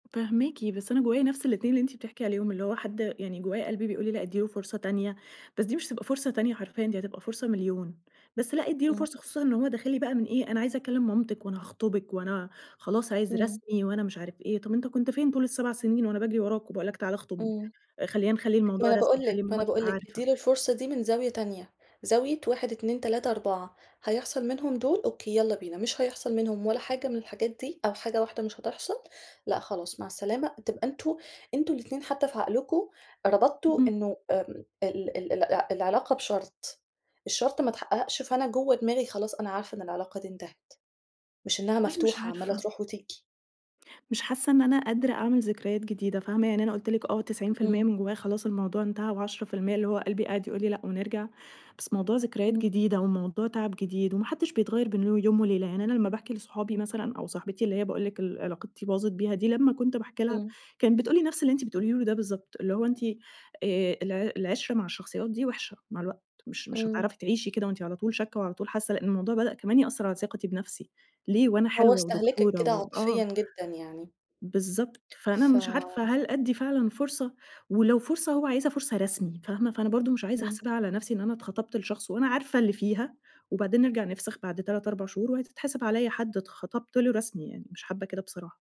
فاهماكِ، بس أنا جوايا نفس الاتنين اللي أنتِ بتحكي عليهم، اللي هو حد يعني جوايا قلبي بيقول لي لأ ادّي له فرصة تانية بس دي مش هتبقى فرصة تانية حرفيًا دي هتبقى فرصة مليون، بس لأ ادّي له إمم. فرصة، خصوصًا إن هو داخل لي بقى من إيه أنا عايزة أكلّم مامتِك، وأنا هاخطُبِك وأنا خلاص عايز إمم. رسمي، وأنا مش عارفة إيه، طب أنت كنت فين طول ال7 سنين، وأنا باجري وراك وباقول لك تعالَ اخطُبني؟ إمم. آآ خلّينا نخلّي ما الموضوع أنا رسمي، باقول لِك، نخلّي ما ماما أنا باقول تبقى لِك، عارفة. ادّي له الفرصة دي من زاوية تانية، زاوية 1، 2، 3، 4 هيحصل منهم دول أوكي يلّا بينا، مش هيحصل منهم ولا حاجة من الحاجات دي أو حاجة واحدة مش هتحصل لأ، خلاص مع السلامة تبقى أنتم أنتم الاتنين حتى في عقلكم ربطتوا اهم. إنه ام ال ال الع العلاقة بشرط، الشرط ما اتحققش، فأنا جوا دماغي خلاص أنا عارفة إن العلاقة دي انتهت، مش إنها والله مش مفتوحة عمّالة عارفة. تروح وتيجي. مش حاسّة إن أنا قادرة أعمل ذكريات جديدة فاهمة؟ يعني أنا قُلت لِك آه 90% إمم. من جوايا خلاص الموضوع انتهى، و10% اللي هو قلبي قاعد يقول لي لأ، ونرجع بس موضوع ذكريات إمم. جديدة، وموضوع تَعَب جديد وما حدّش بيتغيّر بين يوم وليلة، يعني أنا لما باحكي لاصحابي مثلًا أو صاحبتي اللي هي باقول لِك اللي علاقتي باظت بيها دي لما كنت باحكي لها إمم. كانت بتقول لي نفس اللي أنتِ بتقوليه لي ده بالضبط، اللي هو أنتِ آآ الع العِشرة مع الشخصيات دي وحشة مع الوقت مش مش إمم. هتعرفي تعيشي كده وأنتِ على طول شاكّة وعلى طول حاسّة، لإن الموضوع بدأ كمان يأثّر على ثقتي بنفسي ليه وأنا هو حلوة استهلكِك ودكتورة كده و عاطفيًا آه. جدًا يعني. بالضبط، فأنا ف مش عارفة هل أدّي فعلًا فرصة، ولو فرصة هو عايزها فرصة رسمي فاهمة؟ فأنا برضو مش عايزة إمم. احسبها على نفسي إن أنا اتخَطَبت لشخص، وأنا عارفة اللي فيها، وبعدين نرجع نِفْسَخ بعد 3، 4 شهور وهتتحسب عليّا حد اتْخِطِبت له رسمي يعني، مش حابّة كده بصراحة.